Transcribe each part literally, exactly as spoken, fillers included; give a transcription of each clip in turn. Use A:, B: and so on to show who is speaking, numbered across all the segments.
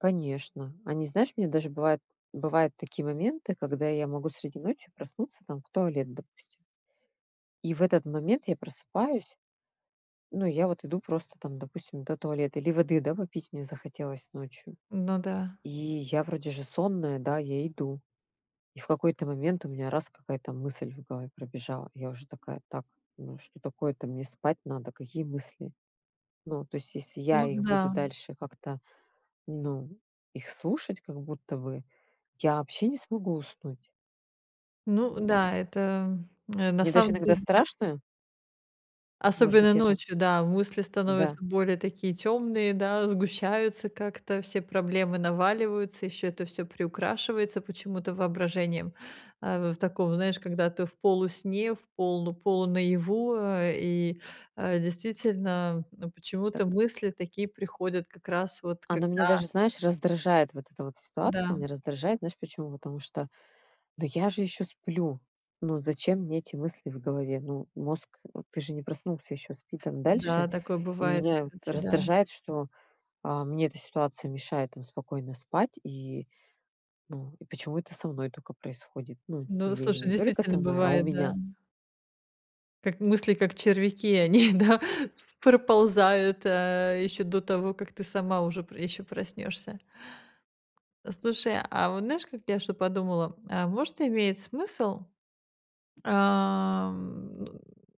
A: Конечно. Они, знаешь, мне даже бывает, бывают такие моменты, когда я могу среди ночи проснуться, там, в туалет, допустим и в этот момент я просыпаюсь. Ну, я вот иду просто там, допустим, до туалета. Или воды, да, попить мне захотелось ночью.
B: Ну да.
A: И я вроде же сонная, да, я иду. И в какой-то момент у меня раз- какая-то мысль в голове пробежала. Я уже такая: "Так, ну что такое-то, мне спать надо, какие мысли?" Ну, то есть, если я
B: Ну
A: их буду
B: да.
A: дальше как-то, ну, их слушать как будто бы, я вообще не смогу уснуть.
B: Ну да, это, м, э, на
A: Мне даже
B: самом
A: иногда
B: деле та
A: страшно Может
B: Особенно
A: быть, это
B: ночью, да, мысли становятся
A: Да.
B: более такие тёмные, да, сгущаются как-то, все проблемы наваливаются, ещё это всё приукрашивается почему-то воображением, а в таком, знаешь, когда ты в полусне, в полу полу-наяву, э, и, э, действительно, э,
A: Так.
B: почему-то мысли такие приходят как раз вот когда
A: Она меня даже, знаешь, раздражает вот эта вот ситуация. Меня
B: Да.
A: раздражает, знаешь почему? Потому что, ну, я же ещё сплю. Ну, зачем мне эти мысли в голове? Ну, мозг, э, ты же не проснулся ещё, спи там дальше.
B: Да, такое
A: И
B: бывает,
A: меня вот
B: кстати. Да.
A: раздражает, что, а, мне эта ситуация мешает там спокойно спать. И, ну, и почему это со мной тока происходит? Ну,
B: Ну,
A: или
B: слушай,
A: не только со
B: действительно
A: мной, а у
B: бывает, да.
A: меня.
B: Как мысли, как червяки, они, да, проползают, э, ещё до того, как ты сама уже п ещё проснёшься. Слушай, а вот знаешь, как я что подумала, а может, имеет смысл, ам,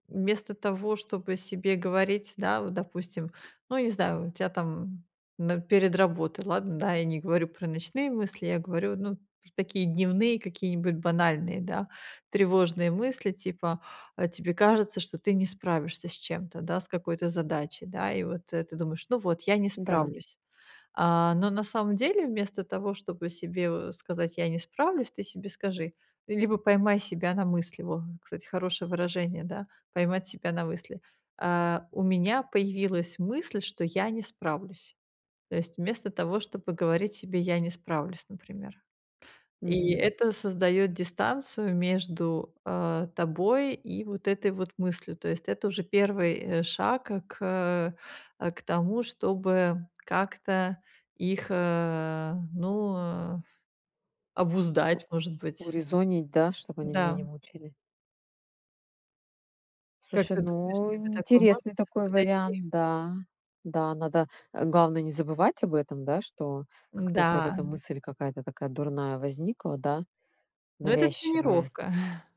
B: вместо того, чтобы себе говорить, да, вот допустим, ну, не знаю, у тя там н перед работой. Ладно, да, я не говорю про ночные мысли, я говорю, ну, такие дневные какие-нибудь банальные, да, тревожные мысли типа, а тебе кажется, что ты не справишься с чем-то, да, с какой-то задачей, да, и вот ты думаешь: "Ну, вот, я не
A: Да.
B: справлюсь". А оно на самом деле, вместо того, чтобы себе в сказать: "Я не справлюсь", ты себе скажи, ты либо поймай себя на мысли, вот, кстати, хорошее выражение, да, поймать себя на мысли: "Э, у меня появилась мысль, что я не справлюсь". То есть, вместо того, чтобы говорить себе: "Я не справлюсь", например. И
A: Мгм.
B: это создаёт дистанцию между, а, тобой и вот этой вот мыслью. То есть, это уже первый э, шаг к к э, к тому, чтобы как-то их, э, ну, э, обуздать, может быть.
A: Урезонить, да, чтоб они меня
B: Да.
A: не мучили.
B: Как
A: Слушай,
B: ты думаешь,
A: ну,
B: тебе такое может
A: интересный такой
B: подойти?
A: вариант, да. Да, надо, э, главное- не забывать об этом, да, что как тока вот
B: Да.
A: эта мысль какая-то такая дурная возникла, да,
B: Но это
A: навязчивая
B: тренировка.